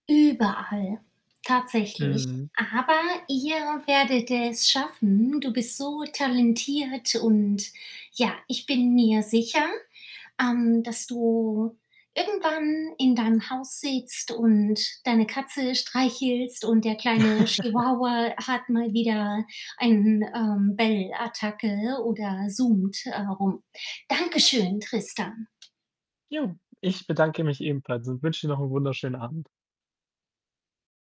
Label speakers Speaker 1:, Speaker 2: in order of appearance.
Speaker 1: Überall. Tatsächlich.
Speaker 2: Mhm.
Speaker 1: Aber ihr werdet es schaffen. Du bist so talentiert und, ja, ich bin mir sicher, ähm, dass du irgendwann in deinem Haus sitzt und deine Katze streichelst und der kleine Chihuahua hat mal wieder ein, ähm, Bellattacke oder, äh, zoomt rum. Dankeschön, Tristan.
Speaker 2: Ja, ich bedanke mich ebenfalls und wünsche dir noch 'n wunderschönen Abend.